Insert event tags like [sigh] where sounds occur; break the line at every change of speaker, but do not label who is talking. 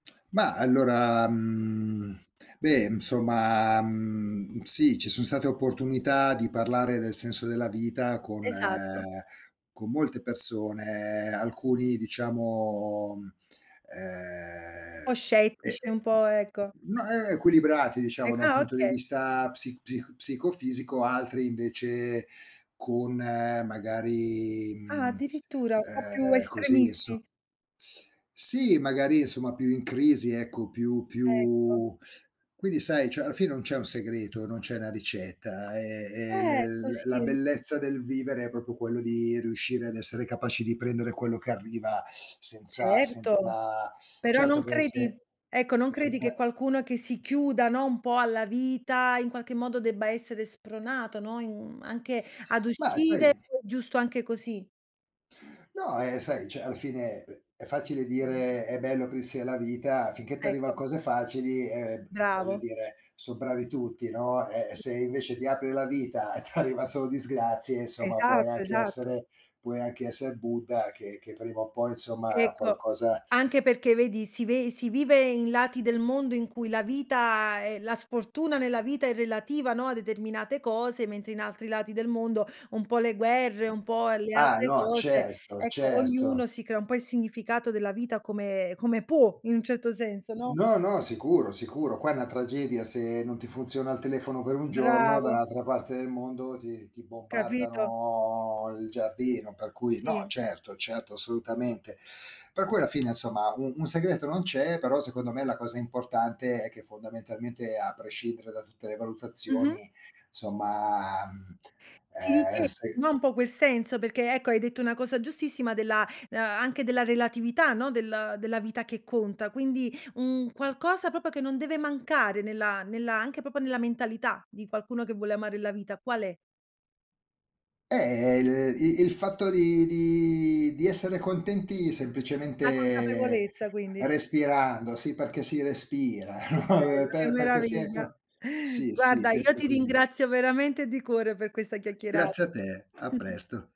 Ma allora, mhmm beh, insomma, mhmm, sì, ci so' state opportunità di parlare del senso della vita, con
Esatto.
con molte persone, alcuni diciamo,
Po'
ehm, e e
scettici, un po' ecco.
mhmm, no, e e equilibrati,
Ec
diciamo da un
ah,
punto di
okay.
vista psi psic psicofisico, altri invece con magari,
Ah,
mhmm
addirittura, un po' più
ehm, così insom
estremisti.
Sì, magari insomma più in crisi ecco, più
Ecco.
più quindi sai, cioè alla fine non c'è un segreto, non c'è una ricetta, è è l
Ecco,
la la
sì.
bellezza del vivere è proprio quello di riuscire ad essere capaci di prendere quello che arriva senza
Certo.
senza
Però
certo
non
che se
credi ecco, non
si
credi che
fa
qualcuno che si chiuda, no, un po' alla vita, in qualche modo debba essere spronato, no, in anche ad
Ma
uscire
sai
giusto anche così.
No, eh, sai, cioè alla fine, è è facile dire, "è bello aprirsi alla vita": finché t'arrivano
Ecco.
cose facili, ehm, voglio
Bravo.
dire, son bravi tutti, no; eh, e
Sì.
se invece ti apri alla vita e t'arriva solo disgrazie, insomma puoi
Esatto,
anche
esatto.
essere puoi anche esser Buddha, che che prima o poi insomma
Ecco.
qualcosa
Anche perché vedi, si ve si vive in lati del mondo in cui la vita, ehm la sfortuna nella vita è relativa, no, a determinate cose, mentre in altri lati del mondo, un po' le guerre, un po' le
Ah,
altre
no
cose,
certo,
ecco,
certo.
ognuno si crea un po' il significato della vita come come può, in un certo senso, no?
No, no, sicuro, sicuro, qua è una tragedia se non ti funziona il telefono per 1 giorno,
Bravo.
dall'altra parte del mondo ti ti
Capito?
bombardano il giardino; per cui no,
Sì.
certo certo, assolutamente. Per cui alla fine, insomma, un un segreto non c'è, però secondo me, la cosa importante è che fondamentalmente, a prescindere da tutte le
Mh-mh.
valutazioni somma, mhmm,
Si dice
ehm, se
no, un po' quel senso, perché ecco hai detto una cosa giustissima della ehm, anche della relatività, no, del della vita che conta. Quindi un qualcosa proprio che non deve mancare nella nella anche proprio nella mentalità di qualcuno che vuole amare la vita qual è?
Eh, il i il fatto di di di essere contenti
La
semplicemente
consapevolezza quindi.
respirando, sì perché si respira,
Che
no,
bello,
per
che
per perché si è
meraviglia.
co sì sì,
Guarda, io
penso
ti
così.
ringrazio veramente di cuore per questa
Grazie a
chiacchierata.
te, a
[chuckles]
presto.